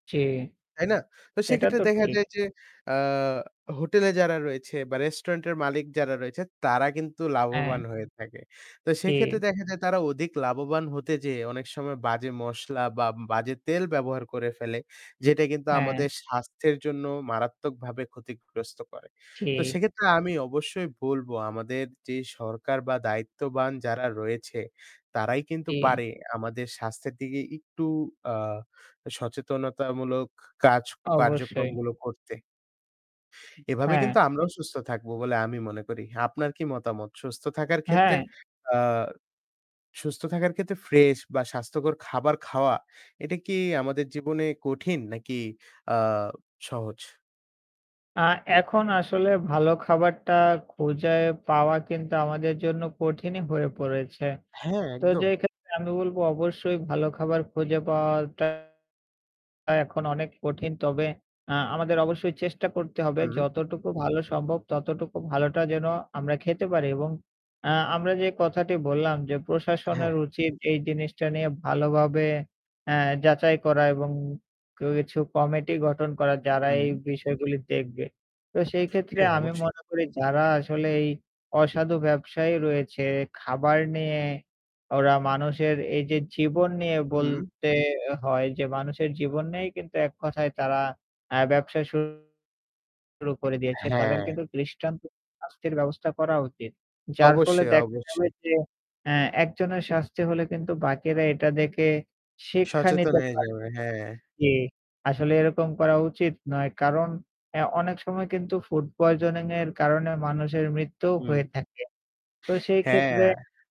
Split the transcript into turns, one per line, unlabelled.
জি।
তাই না? তো
এটা
সেক্ষেত্রে
তো
দেখা
ঠিক।
যায় যে, অ্যা হোটেলে যারা রয়েছে বা restaurant এর মালিক যারা রয়েছে তারা কিন্তু লাভবান
অ্যা
হয়ে থাকে। তো সেক্ষেত্রে
কি।
দেখা যায় তারা অধিক লাভবান হতে যেয়ে অনেক সময় বাজে মসলা বা বাজে তেল ব্যবহার করে ফেলে, যেটা কিন্তু
অ্যা
আমাদের স্বাস্থ্যের জন্য মারাত্মকভাবে ক্ষতিগ্রস্ত করে। তো
ঠি
সেক্ষেত্রে আমি অবশ্যই বলব আমাদের যে সরকার বা দায়িত্ববান যারা রয়েছে তারাই কিন্তু
জি।
পারে আমাদের স্বাস্থ্যের দিকে একটু অ্যা সচেতনতামূলক কাজ,
অবশ্যই।
কার্যক্রমগুলো করতে। এভাবে
হ্যাঁ।
কিন্তু আমরাও সুস্থ থাকব বলে আমি মনে করি। আপনার কি মতামত? সুস্থ থাকার ক্ষেত্রে,
হ্যাঁ।
অ্যা সুস্থ থাকার ক্ষেত্রে fresh বা স্বাস্থ্যকর খাবার খাওয়া এটা কি আমাদের জীবনে কঠিন নাকি অ্যা সহজ?
আ এখন আসলে ভালো খাবারটা খুজে পাওয়া কিন্তু আমাদের জন্য কঠিনই হয়ে পড়েছে।
হ্যাঁ,
তো যে
একদম।
ক্ষেত্রে আমি বলব অবশ্যই ভালো খাবার খুঁজে পাওয়াটা এখন অনেক কঠিন। তবে আ আমাদের অবশ্যই চেষ্টা করতে হবে
উম
যতটুকু ভালো সম্ভব ততটুকু ভালোটা যেন আমরা খেতে পারি। এবং আ আমরা যে কথাটি বললাম, যে
হ্যাঁ।
প্রশাসনের উচিত এই জিনিসটা নিয়ে ভালোভাবে আ যাচাই করা এবং কিছু committee গঠন করা যারা এই
উম
বিষয়গুলি দেখবে। তো সেইক্ষেত্রে
হ্যাঁ,
আমি
অবশ্যই।
মনে করি যারা আসলে এই অসাধু ব্যবসায়ী রয়েছে খাবার নিয়ে ওরা মানুষের এইযে জীবন নিয়ে
হুম।
বলতে হয়, যে মানুষের জীবন নিয়েই কিন্তু এককথায় তারা অ্যা ব্যবসা শুরু করে দিয়েছে। তাদের
হ্যাঁ।
কিন্তু দৃষ্টান্ত শাস্তির ব্যবস্থা করা উচিত। যার ফলে
অবশ্যই,
দেখা যাবে
অবশ্যই।
যে অ্যা একজনের শাস্তি হলে কিন্তু বাকিরা এটা দেখে শিক্ষা
সচেতন
নিতে
হয়ে
পারবে
যাবে, হ্যাঁ।
জি, আসলে এরকম করা উচিত নয়। কারণ অ্যা অনেক সময় কিন্তু food poisoning এর কারণে মানুষের মৃত্যুও হয়ে
উম
থাকে। তো সেইক্ষেত্রে
হ্যাঁ।